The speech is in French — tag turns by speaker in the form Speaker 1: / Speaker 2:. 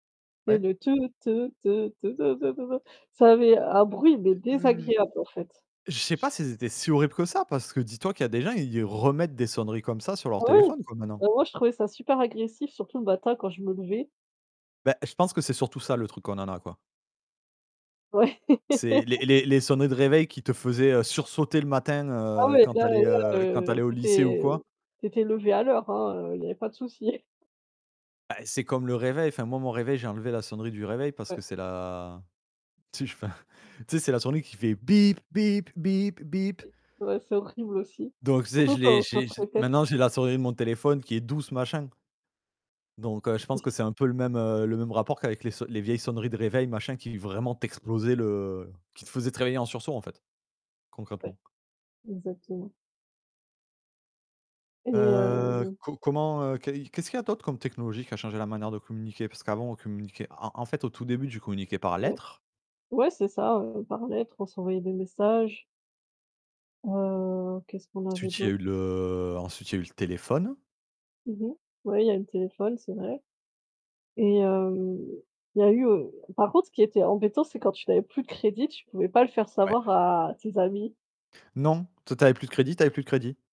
Speaker 1: Tu sais,
Speaker 2: Ouais.
Speaker 1: le «te te te te te te te te te». Ça avait un bruit, mais
Speaker 2: Mmh.
Speaker 1: désagréable, en fait.
Speaker 2: Je sais pas si c'était si horrible que ça parce que dis-toi qu'il y a des gens, ils remettent des sonneries comme ça sur
Speaker 1: Ah
Speaker 2: leur
Speaker 1: oui?
Speaker 2: téléphone, quoi, maintenant.
Speaker 1: Ben moi je trouvais ça super agressif, surtout le matin quand je me levais.
Speaker 2: Bah, je pense que c'est surtout ça, le truc qu'on en a, quoi.
Speaker 1: Ouais!
Speaker 2: C'est les les les sonneries de réveil qui te faisaient, heu, sursauter le matin,
Speaker 1: Ah
Speaker 2: heu,
Speaker 1: ouais,
Speaker 2: quand tu
Speaker 1: là
Speaker 2: allais,
Speaker 1: là,
Speaker 2: heu, quand tu allais
Speaker 1: heu,
Speaker 2: au
Speaker 1: tu
Speaker 2: lycée ou quoi.
Speaker 1: étais tu étais levée à l'heure, hein, heu, il y avait pas de souci.
Speaker 2: Bah, eh, c'est comme le réveil enfin moi, mon réveil, j'ai enlevé la sonnerie du réveil parce que
Speaker 1: Ouais.
Speaker 2: c'est la tu sais, je enfin, tu sais, c'est la sonnerie qui fait bip bip bip bip.
Speaker 1: Ouais, c'est horrible aussi,
Speaker 2: Donc tu sais,
Speaker 1: surtout
Speaker 2: je l'ai
Speaker 1: quand ça
Speaker 2: j'ai
Speaker 1: se
Speaker 2: j'ai
Speaker 1: répète.
Speaker 2: maintenant j'ai la sonnerie de mon téléphone qui est douce, machin. Donc, heu, je pense que
Speaker 1: [unintelligible]
Speaker 2: c'est un peu le même, heu, le même rapport qu'avec les sonn les vieilles sonneries de réveil machin qui vraiment t'explosaient le qui te faisaient te réveiller en sursaut, en fait.
Speaker 1: Ouais.
Speaker 2: Concrètement.
Speaker 1: Exactement. Et
Speaker 2: Heu,
Speaker 1: heu
Speaker 2: co comment, heu qu'est y qu'est-ce qu'il y a d'autre comme technologie qui a changé la manière de communiquer? Parce qu'avant, on communiquait en en fait, au tout début, tu communiquais par
Speaker 1: Ouais.
Speaker 2: lettre.
Speaker 1: Ouais, c'est ça, heu, par lettre, on s'envoyait des messages. Heu, qu'est-ce qu'on avait
Speaker 2: Ensuite, il y
Speaker 1: d'aut
Speaker 2: a eu le ensuite, il y a eu le téléphone.
Speaker 1: Mmh mh. Ouais il y a eu le téléphone, c'est vrai. Et hem, il y a eu, heu par contre, ce qui était embêtant, c'est quand tu n'avais plus de crédit, tu pouvais pas le faire
Speaker 2: Ouais.
Speaker 1: savoir à tes amis.
Speaker 2: Non. Toi tu avais plus de crédit: tu avais plus de crédit.